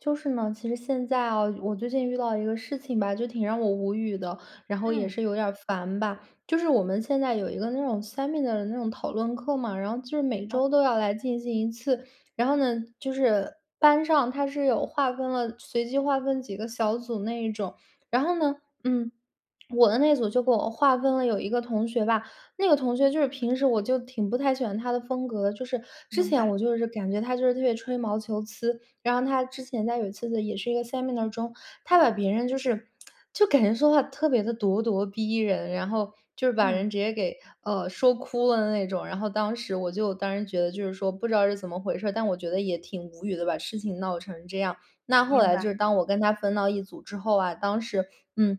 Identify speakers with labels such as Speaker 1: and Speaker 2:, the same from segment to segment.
Speaker 1: 就是呢，其实现在啊我最近遇到一个事情吧，就挺让我无语的，然后也
Speaker 2: 嗯。
Speaker 1: 是有点儿烦吧。就是我们现在有一个那种 seminar 的那种讨论课嘛，然后就是每
Speaker 2: 哦。
Speaker 1: 周都要来进行一次。然后呢，就是班上它是有划分了随机划分几个小组那一种。然后呢嗯，我的那组就给我划分了有一个同学吧，那个同学就是平时我就挺不太喜欢他的风格，就是之
Speaker 2: 明
Speaker 1: 前
Speaker 2: 白。
Speaker 1: 我就是感觉他就是特别吹毛求疵。然后他之前在有一次呢，也是一个 seminar 中，他把别人就是 就感觉说话特别的咄咄逼人，然后就是把
Speaker 2: 嗯。
Speaker 1: 人直接给，呃，说哭了的那种。然后当时我就当时觉得就是说不知道是怎么回事儿，但我觉得也挺无语的，把事情闹成这样。那后
Speaker 2: 明
Speaker 1: 来就
Speaker 2: 白。
Speaker 1: 是当我跟他分到一组之后啊，当时嗯，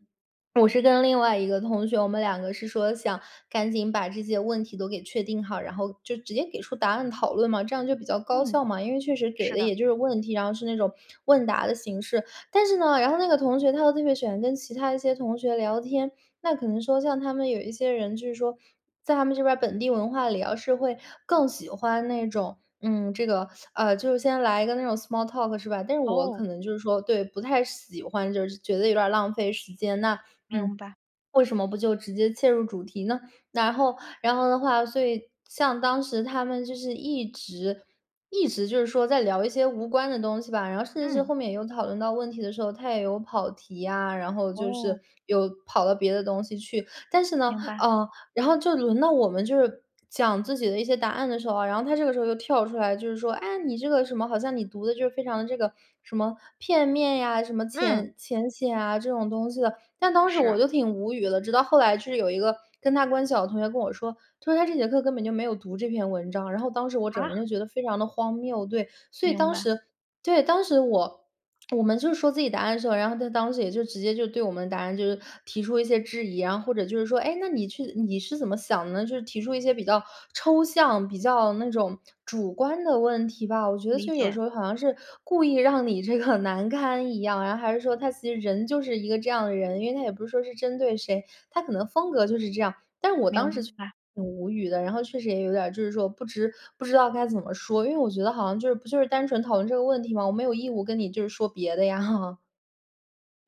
Speaker 1: 我是跟另外一个同学，我们两个是说想赶紧把这些问题都给确定好，然后就直接给出答案讨论嘛，这样就比较高
Speaker 2: 嗯，
Speaker 1: 效嘛，因为确实给
Speaker 2: 是
Speaker 1: 的
Speaker 2: 的。
Speaker 1: 也就是问题，然后是那种问答的形式。但是呢，然后那个同学他都特别喜欢跟其他一些同学聊天，那可能说像他们有一些人就是说，在他们这边儿本地文化里哦，要是会更喜欢那种，嗯，这个，呃，就是先来一个那种 small talk 是吧。但是我
Speaker 2: 哦。
Speaker 1: 可能就是说对，不太喜欢，就是觉得有点儿浪费时间。那嗯，
Speaker 2: 明白。
Speaker 1: 为什么不就直接切入主题呢？然后，然后的话所以，像当时他们就是一直，一直就是说，在聊一些无关的东西吧。然后甚至是
Speaker 2: 嗯。
Speaker 1: 后面有讨论到问题的时候，他也有跑题啊，然后就
Speaker 2: 哦。
Speaker 1: 是有跑到别的东西去。但是呢，
Speaker 2: 明白。
Speaker 1: 啊，然后就轮到我们，就是讲自己的一些答案的时候啊，然后他这个时候又跳出来，就是说：“哎呀，你这个什么。”好像你读的就是非常的这个，什么片面呀，什么
Speaker 2: 嗯。
Speaker 1: 浅浅显啊这种东西的。但当时我
Speaker 2: 是。
Speaker 1: 就挺无语的，直到后来是有一个跟他关系好的同学跟我说，他说：“他这节课根本就没有读这篇文章。”然后当时我整个
Speaker 2: 啊？
Speaker 1: 人就觉得非常地荒谬。对，所以
Speaker 2: 明
Speaker 1: 当
Speaker 2: 白。
Speaker 1: 时对，当时我 我们就说自己答案的时候，然后他当时也就直接就对我们答案，就是提出一些质疑啊，然后或者就是说：“诶，那你去你是怎么想的呢？”就是提出一些比较抽象、比较那种主观的问题吧。我觉得
Speaker 2: 理
Speaker 1: 就有
Speaker 2: 解。
Speaker 1: 时候，好像是故意让你这个难堪一样。然后还是说，他其实人就是一个这样的人，因为他也不是说是针对谁，他可能风格就是这样。但是我
Speaker 2: 明
Speaker 1: 当时就
Speaker 2: 白。
Speaker 1: 挺无语的，然后确实也有点儿就是说不知不知道该怎么说，因为我觉得好像就是就是单纯讨论这个问题吗？我没有义务跟你就是说别的呀，哈。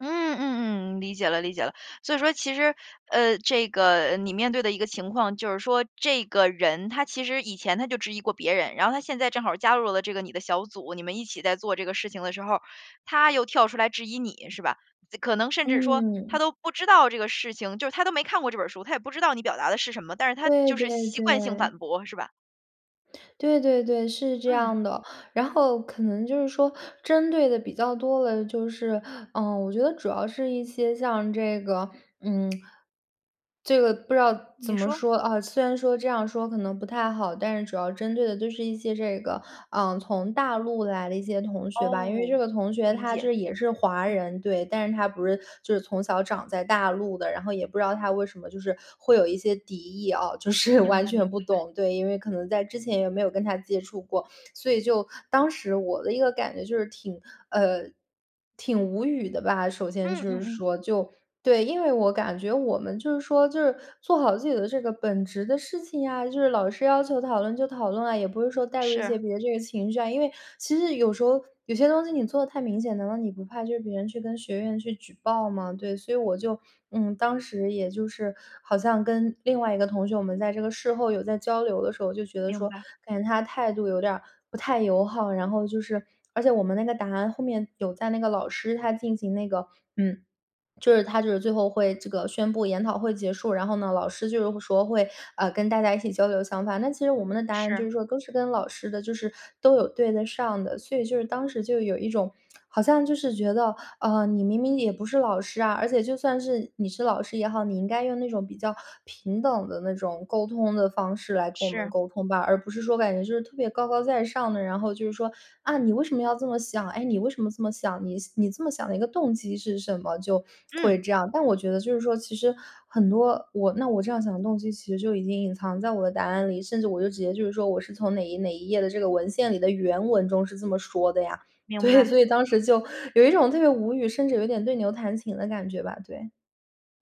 Speaker 2: 嗯，嗯，嗯，理解了，理解了。所以说其实，呃，这个你面对的一个情况就是说，这个人他其实以前他就质疑过别人，然后他现在正好加入了这个你的小组，你们一起在做这个事情的时候儿，他又跳出来质疑你，是吧？可能甚至说，他
Speaker 1: 嗯。
Speaker 2: 都不知道这个事情，就是他都没看过这本儿书，他也不知道你表达的是什么，但是他
Speaker 1: 对，
Speaker 2: 就是
Speaker 1: 对，
Speaker 2: 习惯性反
Speaker 1: 对。
Speaker 2: 驳，是吧？
Speaker 1: 对，对，对，是这
Speaker 2: 嗯。
Speaker 1: 样的。然后可能就是说针对的比较多的就是呃，我觉得主要是一些像这个嗯，这个不知道怎
Speaker 2: 你
Speaker 1: 么
Speaker 2: 说。
Speaker 1: 说啊虽然说这样说可能不太好，但是主要针对的就是一些这个，啊，从大陆来的一些同学吧，因为
Speaker 2: 哦，
Speaker 1: 这个同学
Speaker 2: 理
Speaker 1: 他就
Speaker 2: 解，
Speaker 1: 是也是华
Speaker 2: 嗯。
Speaker 1: 人，对，但是他不是就是从小长在大陆的，然后也不知道他为什么就是会有一些敌意哦，就是，
Speaker 2: 明
Speaker 1: 完
Speaker 2: 白，
Speaker 1: 全
Speaker 2: 明
Speaker 1: 不
Speaker 2: 白。
Speaker 1: 懂。对，因为可能在之前也没有跟他接触过。所以就当时我的一个感觉就是挺呃，挺无语的吧，首先
Speaker 2: 嗯，
Speaker 1: 就
Speaker 2: 嗯，
Speaker 1: 是
Speaker 2: 嗯。
Speaker 1: 说，就对，因为我感觉我们就是说就是做好自己的这个本职的事情呀，就是老师要求讨论就讨论啊，也不是说带入一些
Speaker 2: 是。
Speaker 1: 别的这个情绪啊。因为其实有时候，有些东西你做得太明显，难道你不怕就是别人去跟学院去举报吗？对，所以我就嗯，当时也就是，好像跟另外一个同学，我们在这个事后，有在交流的时候，就觉得
Speaker 2: 明
Speaker 1: 说
Speaker 2: 白。
Speaker 1: 感觉他态度有点儿不太友好。然后就是而且我们那个答案后面，有在那个老师他进行那个嗯，就是他就是最后会这个宣布研讨会结束，然后呢，老师就是会说会，呃，跟大家一起交流想法。那其实我们的答案就
Speaker 2: 是。
Speaker 1: 是说，都是跟老师的就是都有对得上的，所以就是当时就有一种 好像就是觉得，啊，你明明也不是老师啊，而且就算是，你是老师也好，你应该用那种比较平等的那种沟通的方式，来跟我们
Speaker 2: 是。
Speaker 1: 沟通吧，而不是说感觉就是特别高高在上的。然后就是说：“啊，你为什么要这么想？哎，你为什么这么想？你你这么想的一个动机是什么？“就会
Speaker 2: 嗯。
Speaker 1: 这样，但我觉得就是说，其实很多我那我这样想的动机，其实就已经隐藏在我的答案里，甚至我就直接就是说，我是从哪一哪一页的这个文献里的原文中，是这么说的呀，
Speaker 2: 明
Speaker 1: 对，
Speaker 2: 白。
Speaker 1: 所以当时就有一种特别无语，甚至有点对牛弹琴的感觉吧，对。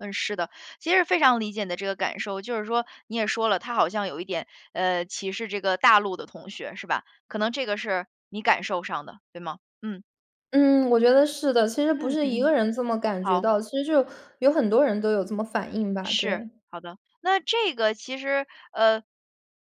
Speaker 2: 嗯，是的，其实非常理解你的这个感受，就是说你也说了，他好像有一点，呃，歧视这个大陆的同学是吧，可能这个是你感受上的，对吗？嗯。
Speaker 1: 嗯，我觉得
Speaker 2: 嗯，
Speaker 1: 是的，其实不
Speaker 2: 嗯
Speaker 1: 是一个
Speaker 2: 嗯，
Speaker 1: 人这么感觉
Speaker 2: 好。
Speaker 1: 到，其实就是有很多人都有这么反应吧，
Speaker 2: 是，
Speaker 1: 对。
Speaker 2: 好的。那这个其实，呃，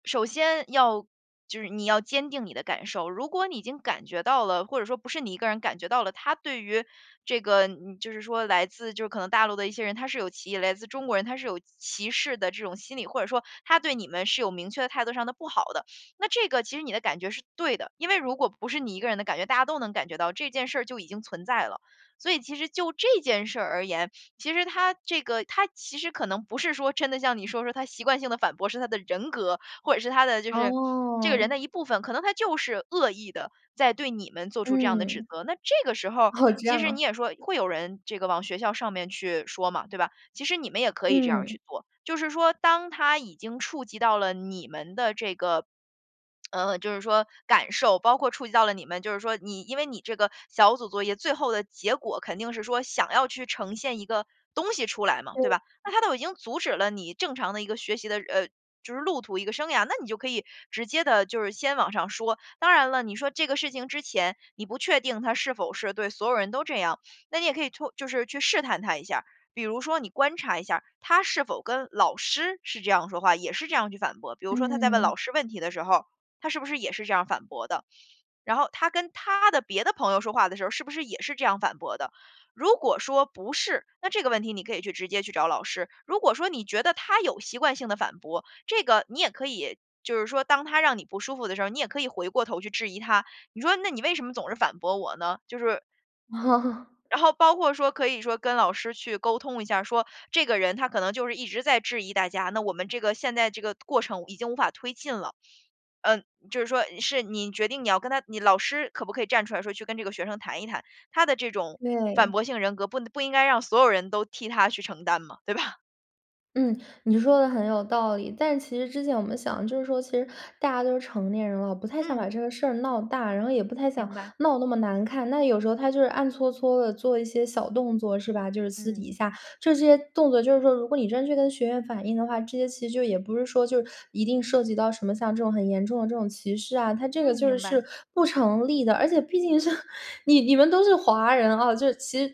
Speaker 2: 首先要就是你要坚定你的感受，如果你已经感觉到了，或者说不是你一个人感觉到了，他对于这个，嗯，就是说来自，就是可能大陆的一些人，他是有歧来自中国人他是有歧视的这种心理，或者说他对你们，是有明确的态度上的不好的，那这个其实你的感觉是对的。因为如果不是你一个人的感觉，大家都能感觉到，这件事儿就已经存在了。所以其实就这件事儿而言，其实他这个他其实可能不是说，真的像你说的，他习惯性的反驳是他的人格，或者是他的就是这个人
Speaker 1: 哦。
Speaker 2: 的一部分，可能他就是恶意地，在对你们做出这样的指
Speaker 1: 嗯，
Speaker 2: 责。那这个时候儿，
Speaker 1: 哦，这
Speaker 2: 其
Speaker 1: 样
Speaker 2: 实
Speaker 1: 啊。
Speaker 2: 你也说，会有人这个往学校上面去说嘛，对吧。其实你们也可以这样儿
Speaker 1: 嗯。
Speaker 2: 去做，就是说当他已经触及到了你们的这个，呃，就是说感受，包括触及到了你们，就是说你因为你这个小组作业，最后的结果肯定是说，想要去呈现一个东西出来嘛，对吧。
Speaker 1: 对。
Speaker 2: 那他都已经阻止了你正常的一个学习的呃，就是路途、一个生涯，那你就可以直接地就是先往上说。当然了，你说这个事情之前，你不确定他是否是对所有人都这样，那你也可以通就是去试探他一下儿，比如说你观察一下儿，他是否跟老师是这样说话，也是这样去反驳，比如说他在问
Speaker 1: 嗯。
Speaker 2: 老师问题的时候儿，他是不是也是这样反驳的，然后他跟他的别的朋友说话的时候儿，是不是也是这样反驳的。如果说不是，那这个问题，你可以去直接去找老师，如果说你觉得他有习惯性的反驳，这个你也可以就是说当他让你不舒服的时候，你也可以回过头去质疑他，你说：“那你为什么总是反驳我呢？”就是 然后包括说可以说跟老师去沟通一下，说这个人他可能就是一直在质疑大家，那我们这个现在这个过程已经无法推进了。呃，就是说，是你决定你要跟他你老师可不可以站出来说，去跟这个学生谈一谈，他的这种反
Speaker 1: 对。
Speaker 2: 驳型人格不不应该让所有人都替他去承担嘛，对吧？
Speaker 1: 嗯，你说得很有道理。但其实之前我们想，就是说其实大家都是成年人了，不太想把
Speaker 2: 嗯。
Speaker 1: 这个事儿闹大，然后也不太想
Speaker 2: 明白。
Speaker 1: 闹那么难看，那有时候他就是暗搓搓地做一些小动作是吧。就是私底
Speaker 2: 嗯。
Speaker 1: 下，这些动作就是说，如果你真去跟学院反映的话，这些其实就也不是说，就一定涉及到什么，像这种很严重的这种歧视啊，它这个
Speaker 2: 嗯，
Speaker 1: 就
Speaker 2: 明白。
Speaker 1: 是不成立的。而且毕竟是，你你们都是华人哦，就是其实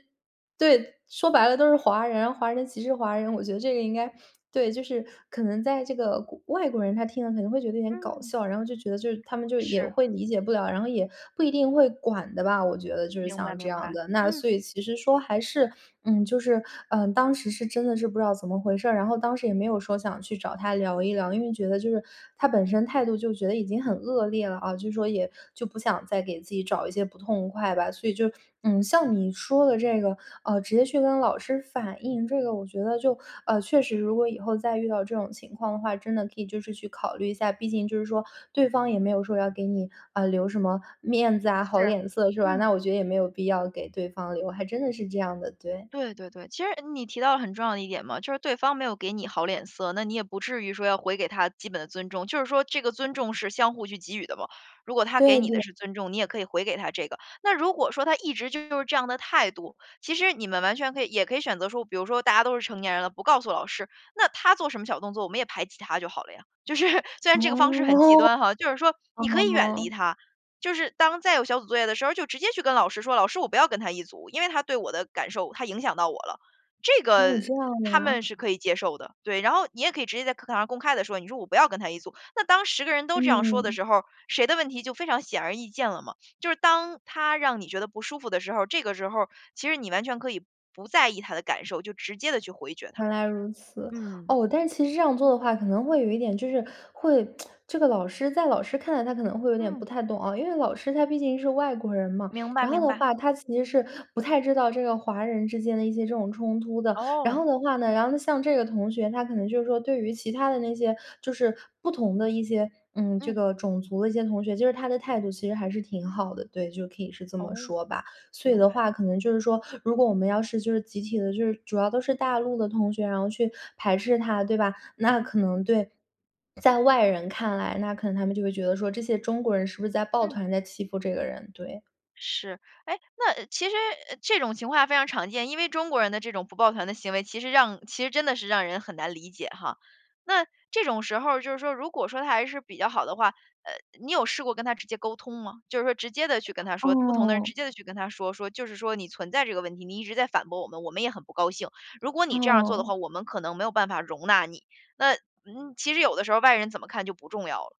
Speaker 1: 对，说白了都是华人，华人歧视华人，我觉得这个应该对，就是可能在这个国外国人，他听了可能会觉得有点搞
Speaker 2: 嗯。
Speaker 1: 笑，然后就觉得，就是他们就也
Speaker 2: 是。
Speaker 1: 会理解不了，然后也不一定会管的吧，我觉得就是
Speaker 2: 明白，
Speaker 1: 像这
Speaker 2: 明
Speaker 1: 样
Speaker 2: 白，
Speaker 1: 的。那
Speaker 2: 嗯。
Speaker 1: 所以其实说还是嗯，就是，嗯，当时是真的是不知道怎么回事儿，然后当时也没有说想去找他聊一聊，因为觉得就是，他本身态度就觉得已经很恶劣了啊，就是说也就不想再给自己找一些不痛快吧。所以就嗯，像你说的这个，啊，直接去跟老师反映，这个我觉得就啊，确实如果以后再遇到这种情况的话，真的可以就是去考虑一下，毕竟就是说对方也没有说要给你，啊，留什么面子啊好
Speaker 2: 是，
Speaker 1: 脸色，是吧？
Speaker 2: 嗯。
Speaker 1: 那我觉得也没有必要给对方留，还真的是这样的，对。
Speaker 2: 对，对，对，其实你提到了很重要的一点嘛，就是对方没有给你好脸色，那你也不至于说要回给他基本的尊重，就是说这个尊重是相互去给予的嘛。如果他给
Speaker 1: 对，
Speaker 2: 你的
Speaker 1: 对。
Speaker 2: 是尊重，你也可以回给他这个，那如果说他一直就是这样的态度，其实你们完全可以也可以选择说，比如说大家都是成年人了，不告诉老师，那他做什么小动作，我们也排挤他就好了呀。就是，虽然这个方式很极
Speaker 1: 哦，
Speaker 2: 端哈，就是说你可以远离
Speaker 1: 哦。
Speaker 2: 他，就是当再有小组作业的时候，就直接去跟老师说：“老师我不要跟他一组，因为他对我的感受他影响到我了。”这个
Speaker 1: 哦，这样的
Speaker 2: 他们
Speaker 1: 呀。
Speaker 2: 是可以接受的，对，然后你也可以直接在课堂上公开地说，你说：“我不要跟他一组。”那当10个人都这样说的
Speaker 1: 嗯。
Speaker 2: 时候儿，谁的问题就非常显而易见了嘛。就是当他让你觉得不舒服的时候儿，这个时候儿，其实你完全可以不在意他的感受，就直接地去回绝他，
Speaker 1: 原来如此。
Speaker 2: 嗯。
Speaker 1: 哦，但其实这样做的话，可能会有一点就是会 这个老师在老师看来他可能会有点不
Speaker 2: 嗯。
Speaker 1: 太懂哦，因为老师他毕竟是外国人嘛，
Speaker 2: 明白，
Speaker 1: 然后
Speaker 2: 明
Speaker 1: 的
Speaker 2: 白。
Speaker 1: 话他其实是，不太知道这个华人之间的一些这种冲突的。然
Speaker 2: 哦。
Speaker 1: 后的话呢，然后像这个同学，他可能就是说，对于其他的那些就是不同的一些嗯，这
Speaker 2: 嗯。
Speaker 1: 个种族的一些同学，就是他的态度其实还是挺好的，对，就可以是这么
Speaker 2: 哦，
Speaker 1: 说吧。所以
Speaker 2: 明
Speaker 1: 的
Speaker 2: 白。
Speaker 1: 话可能就是说，如果我们要是就是集体的就是主要都是大陆的同学，然后去排斥他，对吧？那可能对在外人看来，那可能他们就会觉得说，这些中国人是不是在抱
Speaker 2: 嗯。
Speaker 1: 团在欺负这个人，对。
Speaker 2: 是。哎，那其实，呃，这种情况非常常见，因为中国人的这种不抱团的行为其实让其实真的是让人很难理解哈。那这种时候儿，就是说如果说他还是比较好的话，呃，你有试过跟他直接沟通吗？就是说直接地去跟他说，不同的人直
Speaker 1: 哦。
Speaker 2: 接地去跟他说，说就是说：“你存在这个问题，你一直在反驳我们，我们也很不高兴，如果你这样儿做的
Speaker 1: 哦。
Speaker 2: 话，我们可能没有办法容纳你。“那，嗯，其实有的时候外人怎么看就不重要了。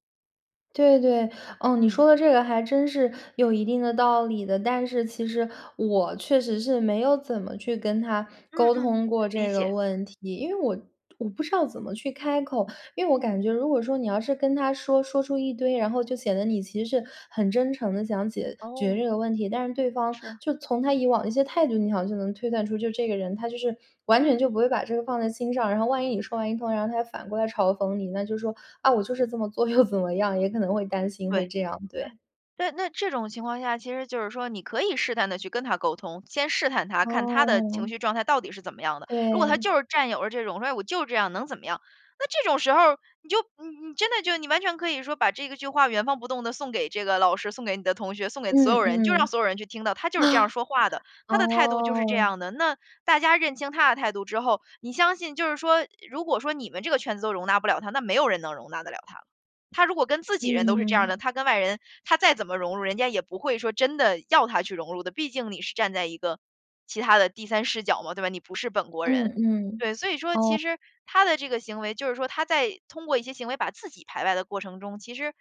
Speaker 1: 对，对，哦，你
Speaker 2: 嗯。
Speaker 1: 说的这个还真是有一定的道理的，但是其实我确实是，没有怎么去跟他
Speaker 2: 嗯，
Speaker 1: 沟
Speaker 2: 嗯，
Speaker 1: 通过
Speaker 2: 理
Speaker 1: 这个
Speaker 2: 解。
Speaker 1: 问题，因为我我不知道怎么去开口。因为我感
Speaker 2: 嗯。
Speaker 1: 觉如果说你要是跟他说，说出一堆，然后就显得你，其实是很真诚地想解决
Speaker 2: 哦。
Speaker 1: 这个问题，但是对方
Speaker 2: 是。
Speaker 1: 就从他以往的一些态度，你好像就能推算出就这个人，他就是完全
Speaker 2: 嗯。
Speaker 1: 就不会把这个放在心上。然后万一你说完一通，然后他又反过来嘲讽你，那就是说：“啊，我就是这么做，又怎么样。”也可能会担心会
Speaker 2: 对。
Speaker 1: 这样，对。
Speaker 2: 那那这种情况下，其实就是说，你可以试探地去跟他沟通，先试探他，看他的
Speaker 1: 哦。
Speaker 2: 情绪状态到底是怎么样的。如果他
Speaker 1: 对。
Speaker 2: 就是占有着这种说：“哎，我就这样，能怎么样。”那这种时候儿你就你真的就你完全可以说把这个句话，原封不动地送给这个老师、送给你的同学、送给
Speaker 1: 嗯，
Speaker 2: 所有人，就让
Speaker 1: 嗯，
Speaker 2: 所有人去听到，他就是这样 说话的，他的态度就是这
Speaker 1: 哦。
Speaker 2: 样的。那大家认清他的态度之后，你相信就是说如果说你们这个圈子都容纳不了他，那没有人能容纳得了他了。他如果跟自己人都是这样
Speaker 1: 嗯。
Speaker 2: 的，他跟外人，他再怎么融入，人家也不会说真的要他去融入的，毕竟你是站在一个其他的第3视角嘛，对吧，你不是本国
Speaker 1: 嗯，
Speaker 2: 人。
Speaker 1: 嗯，
Speaker 2: 对，所以说
Speaker 1: 哦。
Speaker 2: 其实他的这个行为，就是说他在通过一些行为，把自己排外的过程中，其实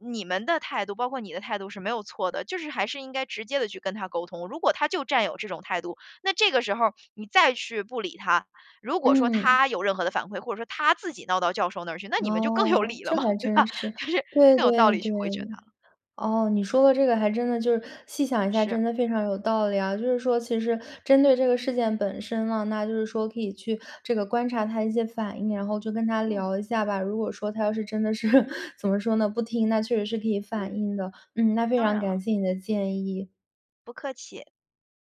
Speaker 2: 你们的态度，包括你的态度是没有错的，就是还是应该直接地去跟他沟通。如果他就占有这种态度，那这个时候儿你再去不理他，如果说
Speaker 1: 嗯。
Speaker 2: 他有任何的反馈，或者说他自己闹到教授那儿去，那你们就更有
Speaker 1: 哦，
Speaker 2: 理了
Speaker 1: 这
Speaker 2: 嘛，
Speaker 1: 还
Speaker 2: 对
Speaker 1: 真
Speaker 2: 吧，
Speaker 1: 是，
Speaker 2: 就是
Speaker 1: 对，
Speaker 2: 更有道
Speaker 1: 对，
Speaker 2: 理
Speaker 1: 对。
Speaker 2: 去回绝他了。
Speaker 1: 哦，你说的这个还真的就是细想一下
Speaker 2: 是。
Speaker 1: 真的非常有道理啊，就是说其实针对这个事件本身呢，那就是说可以去这个观察他一些反应，然后就跟他
Speaker 2: 嗯。
Speaker 1: 聊一下吧。如果说他要是真的是，怎么说呢，不听，那确实是可以反
Speaker 2: 嗯，
Speaker 1: 映的，嗯，那非
Speaker 2: 当
Speaker 1: 常
Speaker 2: 然了。
Speaker 1: 感谢你的建议。
Speaker 2: 不客气。